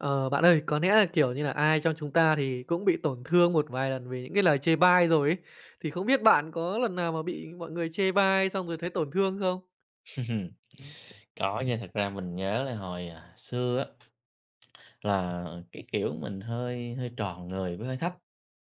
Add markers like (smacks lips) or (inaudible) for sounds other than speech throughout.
Ờ, bạn ơi, có lẽ nà, kiểu như là, ai trong chúng ta thì cũng bị tổn thương một vài lần vì những cái lời chê bai rồi ấy. Thì không biết bạn có lần nào mà bị mọi người chê bai xong rồi thấy tổn thương không? (chuckles) Có nha, thật ra mình nhớ là hồi, ờ, xưa á (smacks lips) là cái kiểu, mình hơi hơi tròn người với hơi thấp,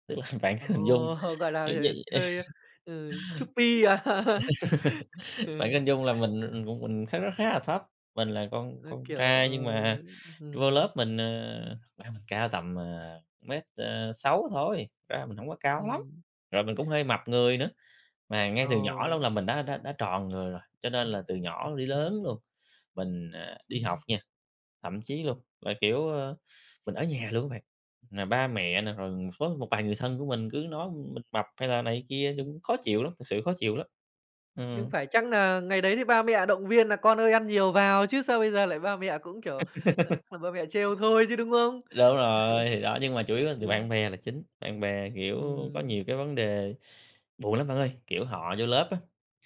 tức là bạn Ồ, cứ hình dung (chuckles) gọi là, giống ừ, vậy. hơi, (chuckles) ừ, chubby à? Ờ. (laughs) (chuckles) Bạn cứ Ừm. hình dung là mình người của mình nó khá nó khá là thấp, mình là con Nó, con kiểu, trai, ờ, nhưng mà ưm, vô ừm lớp mình, à, mình cao tầm, à, mét, ờ, sáu thôi, thực ra mình hổng có cao lắm, Ừm. rồi mình cũng hơi mập người nữa, mà ngay từ nhỏ luôn Ờ. là mình đã đã đã tròn người rồi. Cho nên là từ nhỏ đến lớn luôn, mình, à, đi học nha, thậm chí luôn, là, kiểu, ơ, mình ở nhà luôn á bạn, mà ba mẹ nè, rồi với một vài người thân của mình cứ nói mình mập hay là này kia thì cũng khó chịu lắm, thật sự khó chịu lắm. Nhưng Ừm. phải chắc nà ngày đấy thì ba mẹ động viên nà con ơi ăn nhiều vào chứ sao bây giờ lại ba mẹ cũng, kiểu, ờ, ba mẹ trêu thôi chứ, đúng (laughs) không? Đúng rồi, thì đó, nhưng mà chủ (chuckles) yếu là từ Ừ. bạn bè là chính, bạn bè, kiểu, có Ừm. nhiều cái vấn đề, buồn lắm bạn ơi, kiểu, họ vô lớp á,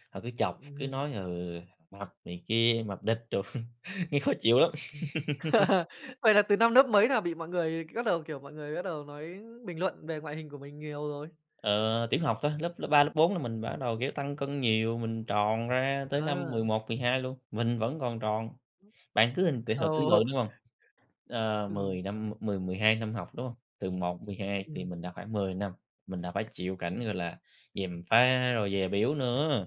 họ cứ chọc, cứ Ừm. nói ừ, mập này kia, mập địt đồ, (chuckles) nghe khó chịu lắm. Ừm. (laughs) (laughs) Vậy là từ năm nớp mấy là bị mọi người bắt đầu, kiểu, mọi người bắt đầu nói bình luận về ngoại hình của mình nhiều rồi? Ờ, tiểu học thôi, lớp lớp 3, lớp 4 là mình bắt đầu, kiểu, tăng cân nhiều, mình tròn ra tới năm mười Ờ. một mười hai luôn, mình vẫn còn tròn, bạn cứ hình từ hồi tưởng Ồ. tượng hiểu hông, ờ, Ừm. 10 năm, mười mười hai năm học, đúng hông? Từ 1-12 thì Ừm. mình đã khoảng 10 năm, mình đã phải chịu cảnh, gọi là, gièm pha rồi dè bỉu nữa.